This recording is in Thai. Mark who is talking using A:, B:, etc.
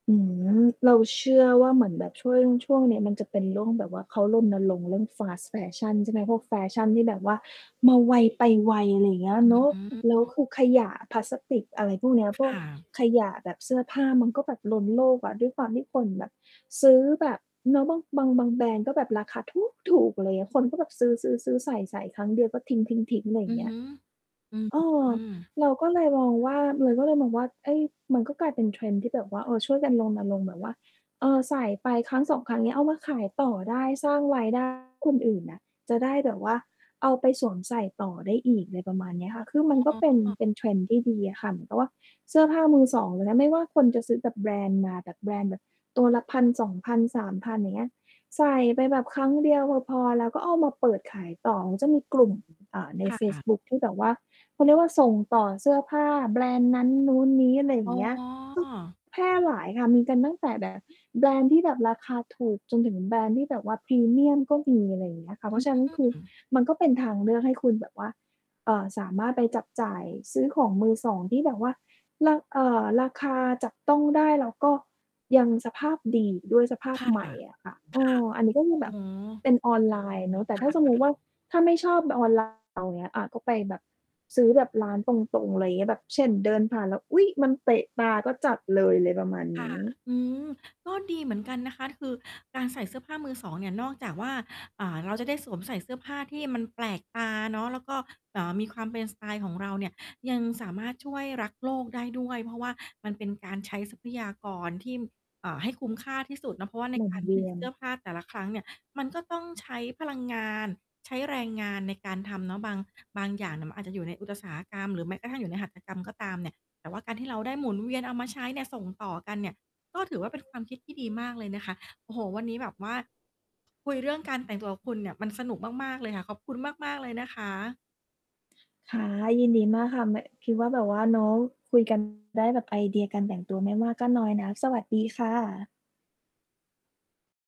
A: อืม เราเชื่อว่าเหมือนแบบช่วง ช่วงนี้มันจะเป็นเรื่องแบบว่า เขารณรงค์เรื่อง fast fashion ใช่ไหม พวกแฟชั่นที่แบบว่า มาไวไปไว อะไรอย่างเงี้ย
B: อ
A: เนาะ
B: ื
A: แล้ว
B: ม
A: คือขยะพลาสติก อะไรพวกเนี้ย
B: ค
A: พวก
B: ่ะ
A: ขยะแบบเสื้อผ้า มันก็แบบล้นโลกอะ ด้วยความที่คนแบบ ซื้อแบบเนาะ บาง บาง บางแบรนด์ ก็แบบราคาถู๊กถูก อะไรอย่างเงี้ย คนก็แบบซื้อ ๆ ๆ ใส่ ๆ ครั้งเดียวก็ทิ้ง ๆ ๆ อะไรอย
B: อื
A: ่าง
B: อ
A: เงี
B: ฮ
A: ้ย
B: ึ อื
A: เออ
B: อ
A: เราก็เลยมองว่า เราก็เลยมองว่า เฮ่ย มันก็กลายเป็น trend ที่แบบว่า เออ ช่วยกันรณรงค์แบบว่า เออ ใส่ไป 1-2 ครั้ง เงี้ย เอามาขายต่อได้ สร้างไว้ ได้ คนอื่นอะ จะได้แบบว่าเอาไปสวมใส่ต่อได้อีก อะไรประมาณนี้อะค่ะ คือมั
B: อ
A: นก็เป็น
B: ๋อ
A: เป็นเทรนด์ที่ดีอะค่ะ เหมือนกับว่าเสื้อผ้ามือสองนะ ไม่ว่าคนจะซื้อแบบแบรนด์มา แบบแบรนด์แบบตัวละ 1,000-2,000-3,000 อย่างเงี้ย ใส่ไปแบบครั้งเดียว พ พอแล้ว ก็เอามาเปิดขายต่อ เขาจะมีกลุ่ม อ่า ใน
B: ค
A: เฟ
B: ่
A: ซ
B: ะ
A: บุ๊คที่แบบว่า เขาเรียกว่า ส่งต่อเสื้อผ้าแบรนด์นั้นนู้นนี้ อะไรอย
B: อ
A: ่
B: ๋
A: างเงี้ย ก็
B: อ
A: แพร่หลายค่ะ มีกันตั้งแต่ แบบ แบรนด์ที่แบบราคาถูกจนถึงแบรนด์ที่แบบว่าพรีเมียมก็มี อะไรอย่างเงี้ยค่ะ เ
B: อ
A: พรา
B: ื
A: ะฉะนั้น คือ
B: ม
A: มันก็เป็นทางเลือกให้คุณแบบว่า เอ่อ สามารถไปจับจ่ายซื้อของมือสอง ที่แบบว่ารา เอ่อ ราคาจับต้องได้ แล้วก็ยังสภาพดีด้วยสภา
B: ค
A: พ
B: ่ะ
A: ใหม
B: ค
A: ่
B: ่ะ
A: อะค่ะ เออ อันนี้ก็ค
B: อ
A: ื
B: ๋
A: อแบบเ
B: อ
A: ป็นออนไลน์เนาะ แต่
B: ค่
A: ถ้าสมมุติ
B: ะ
A: ว่า ถ้าไม่ชอบออน ไลน์ อย่างเงี้ย อา ก็ไปแบบ ซื้อแบบร้านตรง ๆ อะไรอย่างเงี้ย แบบ เช่น เดินผ่านแล้ว อุ๊ย! มันเตะตา ก็จัดเลย อะไรประมาณ
B: ค
A: น
B: ่ะ
A: ี้
B: อืม ก็ดีเหมือนกันนะคะ คือการใส่เสื้อผ้ามือสองเนี่ย นอกจากว่า อ่า เราจะได้สวมใส่เสื้อผ้าที่มันแปลกตาเนาะ แล้วก็แบบว่ามีความเป็นสไตล์ของเราเนี่ย ยังสามารถช่วยรักษ์โลกได้ด้วย เพราะว่ามันเป็นการใช้ทรัพยากรที่ เอ่อ ให้คุ้มค่า ที่สุดเนาะ เพราะว่าใน
A: หมุ
B: ก
A: น
B: าร
A: เว
B: ผ
A: ี
B: ลิต
A: ย
B: เ
A: น
B: สื้อผ้าแต่ละครั้งเนี่ย มันก็ต้องใช้พลังงาน ใช้แรงงานในการทำเนาะ บาง บางอย่างน่ะมันอาจจะอยู่ในอุตสาหกรรมหรือแม้กระทั่งอยู่ในหัตถกรรมก็ตามเนี่ย แต่ว่าการที่เราได้หมุนเวียนเอามาใช้เนี่ย ส่งต่อกันเนี่ย ก็ถือว่าเป็นความคิดที่ดีมากเลยนะคะ โอ้โฮ วันนี้แบบว่า คุยเรื่องการแต่งตัวกับคุณเนี่ย มันสนุกมาก ๆ เลยค่ะ ขอบคุณมาก ๆ เลยนะคะ
A: ค่ะ ยินดีมากค่ะ ม คิดว่าแบบว่าเนาะ คุย กัน ได้แบบไอเดียการแต่งตัวไม่มากก็น้อยนะ สวัสดีค่ะ